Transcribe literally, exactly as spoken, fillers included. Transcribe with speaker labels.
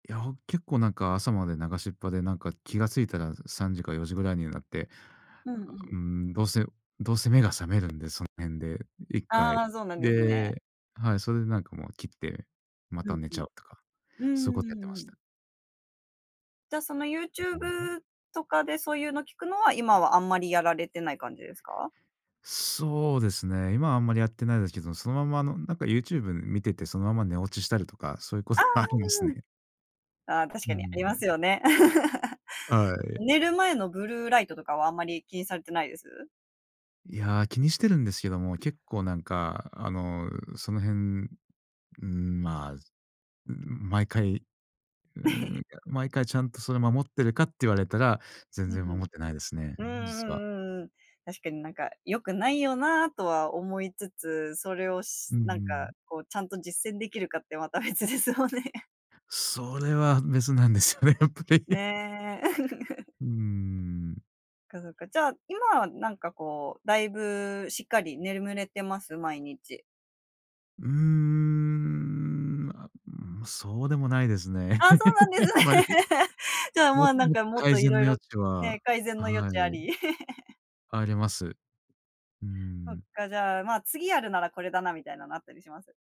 Speaker 1: いや、ほん結構なんか朝まで流しっぱで、なんか気がついたらさんじかよじぐらいになって、
Speaker 2: う
Speaker 1: あ
Speaker 2: んう
Speaker 1: あ、
Speaker 2: ん。
Speaker 1: うーん、どうせどうせ目が覚めるんでその辺でいっか
Speaker 2: あ
Speaker 1: い。
Speaker 2: あ、そうなんですね。
Speaker 1: で、はい。それでなんかもう切って、ま
Speaker 2: う
Speaker 1: た
Speaker 2: ん
Speaker 1: 寝
Speaker 2: う
Speaker 1: ちゃ
Speaker 2: ん。
Speaker 1: うとか、
Speaker 2: うー
Speaker 1: そういうことやってま
Speaker 2: ん、う
Speaker 1: した
Speaker 2: ん。
Speaker 1: ね。
Speaker 2: じゃ、その
Speaker 1: うん。う。
Speaker 2: YouTube とかでそういうの聞くのは、今はあんまりやられてない感じですか？
Speaker 1: そうですね。今はあんまりやってないですけど、そのまま、あのなんか YouTube 見てて、そのまま寝落ちしたりとか、そういうこ
Speaker 2: あ
Speaker 1: とはありますね。
Speaker 2: あ。ああ、確
Speaker 1: うー
Speaker 2: かにあります
Speaker 1: ん。
Speaker 2: よね。
Speaker 1: はい。
Speaker 2: 寝る前のブルーライトとかはあんまり気にされてないです？
Speaker 1: いや、気にしてるんですけども、結構なんか、あのその辺、うーん、まあ、うーん、毎回、うーん、や、毎回ちゃんとそれ守ってるかって言われたら、全
Speaker 2: ふん
Speaker 1: 然
Speaker 2: ふん。
Speaker 1: 守ってないですね、
Speaker 2: うんう
Speaker 1: 実は。
Speaker 2: んうんうん。確かになんか良くないよなとは思いつつ、それを
Speaker 1: う
Speaker 2: し
Speaker 1: んう
Speaker 2: なんか
Speaker 1: ん。
Speaker 2: こうちゃんと実践できるかってまた別ですよね。
Speaker 1: それは別なんですよね、やっぱり。
Speaker 2: ね。
Speaker 1: うーん。
Speaker 2: そっかそっか。じゃあ今はなんかこう、だいぶしっかり眠れてます。毎日？
Speaker 1: うーん。ま、うーん、そうでもないですね。
Speaker 2: ああ、そうなん です
Speaker 1: あん
Speaker 2: ね。
Speaker 1: まり。
Speaker 2: じゃあ、ま
Speaker 1: も
Speaker 2: あ、なん
Speaker 1: もっ
Speaker 2: か
Speaker 1: と、
Speaker 2: もっ
Speaker 1: 改
Speaker 2: とい
Speaker 1: 善
Speaker 2: ろい
Speaker 1: の
Speaker 2: ろ
Speaker 1: 余地
Speaker 2: ね、
Speaker 1: は、
Speaker 2: 改善の余
Speaker 1: は
Speaker 2: 地あ
Speaker 1: い。
Speaker 2: り。
Speaker 1: あります。う
Speaker 2: そっ
Speaker 1: ん。
Speaker 2: か。じゃあ、ま次やるならこれだなみたいなのあったりします？